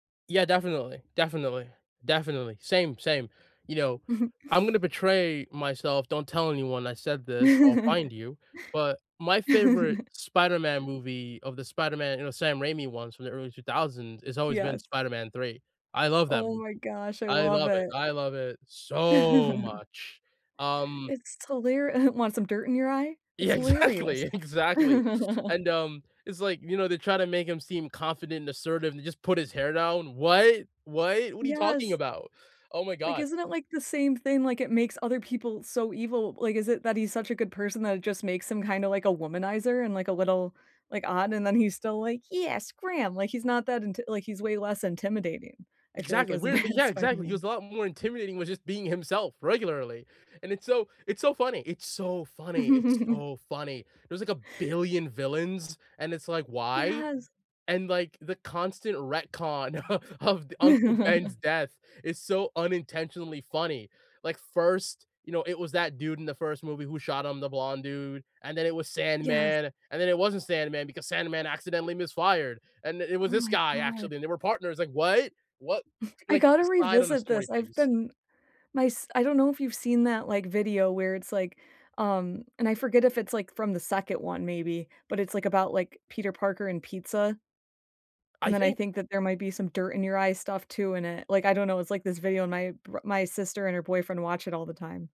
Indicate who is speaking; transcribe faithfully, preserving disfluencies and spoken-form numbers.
Speaker 1: Yeah, definitely. Definitely. Definitely. Same same. You know,
Speaker 2: Mhm.
Speaker 1: I'm gonna betray myself don't tell anyone I said this, I'll find you, but, my favorite Spider-Man movie of the Spider-Man, you know, Sam Raimi ones from the early two thousands, it's always been
Speaker 2: Yes.
Speaker 1: Spider-Man 3, I love that
Speaker 2: Oh
Speaker 1: movie,
Speaker 2: my gosh, I
Speaker 1: I
Speaker 2: love
Speaker 1: love it
Speaker 2: it.
Speaker 1: I love it so much, um
Speaker 2: It's hilari "Want some dirt in your eye?" It's
Speaker 1: Yeah,
Speaker 2: hilarious.
Speaker 1: exactly. Exactly, and um, it's like, you know, they try to make him seem confident and assertive, and just put his hair down. What? What? What are you talking
Speaker 2: Yes.
Speaker 1: about? Oh my
Speaker 2: Like,
Speaker 1: God
Speaker 2: isn't it, like, the same thing? Like, it makes other people so evil, like, is it that he's such a good person that it just makes him kinda like a womanizer and, like, a little like, odd, and then he's still like, "Yes, Graham." Like, he's not that inti like, he's way less intimidating, I feel like,
Speaker 1: Exactly,
Speaker 2: as a
Speaker 1: weirdly
Speaker 2: bad
Speaker 1: Yeah, exactly, he
Speaker 2: Spider-Man.
Speaker 1: was a lot more intimidating with just being himself regularly, and it's so it's so funny. It's so funny. It's so funny, there was, like, a billion villains, and it's like, "Why?"
Speaker 2: Yes.
Speaker 1: And, like, the constant retcon o of d Uncle Ben's death is so unintentionally funny, like first, you know, it was that dude in the first movie who shot him, the blonde dude, and then, it was
Speaker 2: Yes.
Speaker 1: Sandman, and then, it wasn't Sandman because Sandman accidentally misfired, and the it was
Speaker 2: Oh
Speaker 1: this
Speaker 2: my
Speaker 1: guy
Speaker 2: god.
Speaker 1: actually, and they were partners, like,"What? What?"
Speaker 2: I
Speaker 1: Like,
Speaker 2: gotta
Speaker 1: decide on the
Speaker 2: revisit
Speaker 1: story,
Speaker 2: this, I've
Speaker 1: please.
Speaker 2: been my s I don't know if you've seen that, like, video where it's like, um and I forget if it's, like, from the second one maybe, but it's, like, about, like, Peter Parker and pizza? And
Speaker 1: I
Speaker 2: then, I
Speaker 1: think
Speaker 2: think that there might be some dirt-in-your-eye stuff too in it, like, I don't know it's like this video, and my bro my sister and her boyfriend watch it all the time.